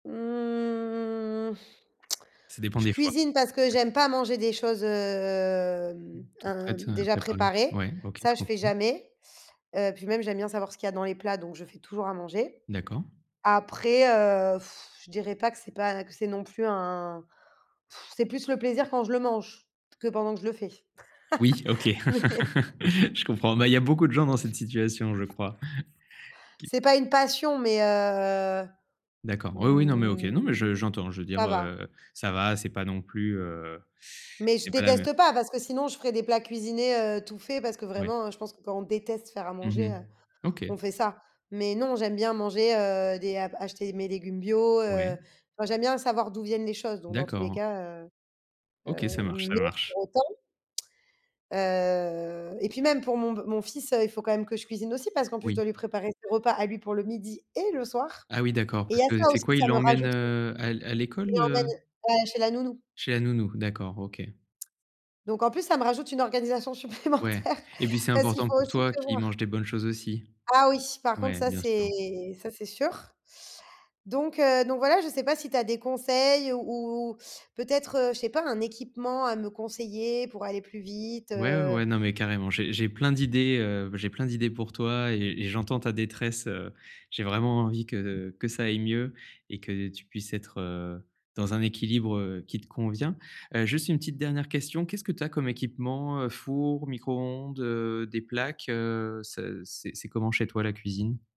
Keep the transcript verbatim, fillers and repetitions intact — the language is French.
Mmh. Ça dépend Je des fois. cuisine parce que j'aime Peut-être. pas manger des choses, hem, Toutes heu, prêtes, heu, déjà préparées. préparées, Ouais OK, ça je je fais comprends. jamais. Heu, puis même j'aime bien savoir ce qu'il y a dans les plats donc je fais toujours à manger. D'accord. Après, heu, je dirais pas que c'est pas que c'est non plus un c'est plus le plaisir quand je le mange que pendant que je le fais. Oui OK, Non mais je comprends, ben, il y a beaucoup de gens dans cette situation je crois. C'est pas une passion mais heu, D'accord, oui, oui. Non mais OK. Non mais je mmh, j'entends, je veux dire ça va. heu, ça va c'est pas non plus heu, Mais je c'est pas la me déteste pas parce que sinon je ferai des plats cuisinés, heu, tout faits, parce que Ouais. vraiment je pense que quand on déteste faire à Mmh manger, mh. heu, on OK. fait ça. Mais non j'aime bien manger, heu, des a acheter mes légumes bio, Ouais. heu, tu vois j'aime bien savoir d'où viennent les choses donc dans tous les D'accord. cas heu OK ça heu, marche, ça mais marche. pour autant heu et puis même pour mon b mon fils, heu, il faut quand même que je cuisine aussi parce qu'en plus je Oui. dois lui préparer ses repas à lui pour le midi et le soir. Ah oui, d'accord. Et il y Parce a que ça c'est aussi, quoi il ça me l'emmène, rajoute, heu heu, à l à je l'école? l'emmène Heu ouais, chez la nounou. Chez la nounou? D'accord, OK. Donc en plus ça me rajoute une organisation Ouais, supplémentaire et puis c'est parce qu'il important faut pour aussi toi qu'il mange prévoir. des bonnes choses aussi, Ah oui, par contre ouais, ça bien c'est sûr. ça c'est sûr. Donc heu, donc voilà, je sais pas si tu as des conseils ou ou peut-être, heu, je sais pas, un équipement à me conseiller pour aller plus vite? Ouais, ouais, Heu ouais. Non mais carrément j'ai j'ai plein d'idées heu, j'ai plein d'idées pour toi et et j'entends ta détresse, heu, j'ai vraiment envie que que ça aille mieux et que tu puisses être, heu, dans un équilibre, heu, qui te convient. Heu, juste une petite dernière question, qu'est-ce que tu as comme équipement? Heu, four? Micro-ondes? Heu, des plaques? Heu, c'est c'est c'est comment chez toi la cuisine?